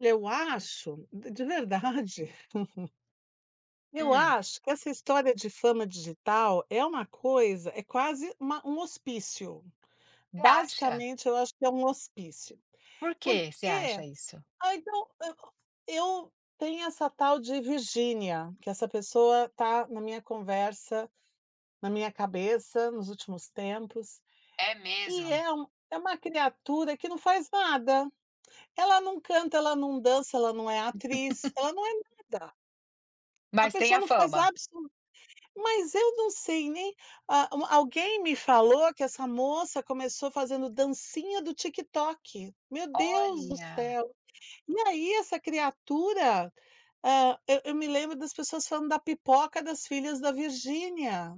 Eu acho d de verdade Eu Hum. acho que essa história de fama digital é uma coisa é quase uma um hospício. Você acha? Basicamente, eu acho que é um hospício, Por que você porque acha isso? ah, então eu eu tem essa tal de Virginia, que essa pessoa está na minha conversa, na minha cabeça nos últimos tempos, É que mesmo? é um é uma criatura que não faz nada. Ela não canta, ela não dança, ela não é atriz, ela não é nada. A Mas tem pessoa a não faz fama. absolu mas eu não sei nem ah, alguém me falou que essa moça começou fazendo dancinha do TikTok. Meu Deus do Olha. céu! E aí essa criatura, ah, eu eu me lembro das pessoas falando da pipoca das filhas da Virginia.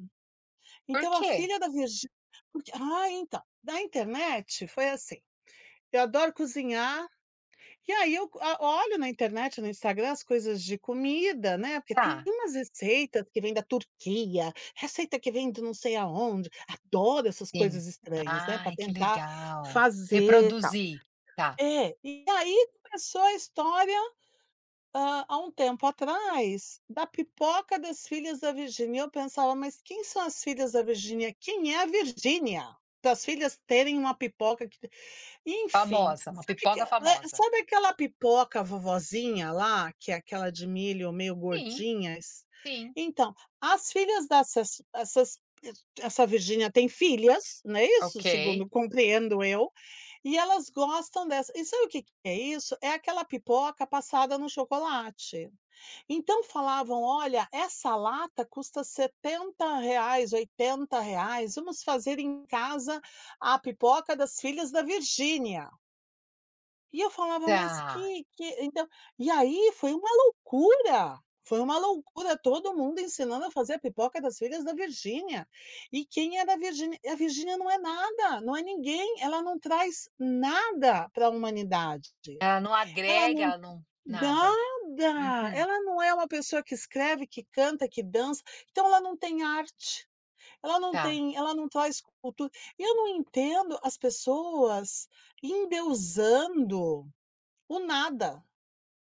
Por Então a quê? filha da Virgi porque ah, então, na internet foi assim, eu adoro cozinhar e aí eu go olho na internet, no Instagram, as coisas de comida, né, porque tem Tá. umas receitas que vêm da Turquia, receita que vêm de não sei aonde, adoro essas Sim. coisas estranhas, né, para Ai, que tentar legal. fazer, tal. Reproduzir, tá. É, e aí começou a história, ah, há um tempo atrás da pipoca das filhas da Virginia, e eu pensava: "Mas quem são as filhas da Virginia? Quem é a Virginia? Para as filhas terem uma pipoca que" enfim, Famosa, uma sabe que pipoca eh, famosa. sabe aquela pipoca vovozinha lá, que é aquela de milho meio Sim. gordinhas? Sim. Então, as filhas dessas essas essa Virginia tem filhas, não é isso? Ok. Segundo compreendo eu, e elas gostam dessa e sabe o que que é isso? É aquela pipoca passada no chocolate. Então falavam: "Olha, essa lata custa R$70, R$80. Vamos fazer em casa a pipoca das filhas da Virginia". E eu falava: "Mas Tá que que" então e aí foi uma loucura. Foi uma loucura, todo mundo ensinando a fazer a pipoca das filhas da Virginia. E quem era a Virginia? E a Virginia não é nada, não é ninguém, ela não traz nada para humanidade. Ela não Ela agrega, não ela não nada. nada! Uhum. Ela não é uma pessoa que escreve, que canta, que dança, então ela não tem arte, ela não Tá. tem ela não traz cultura. E eu não entendo as pessoas endeusando o nada.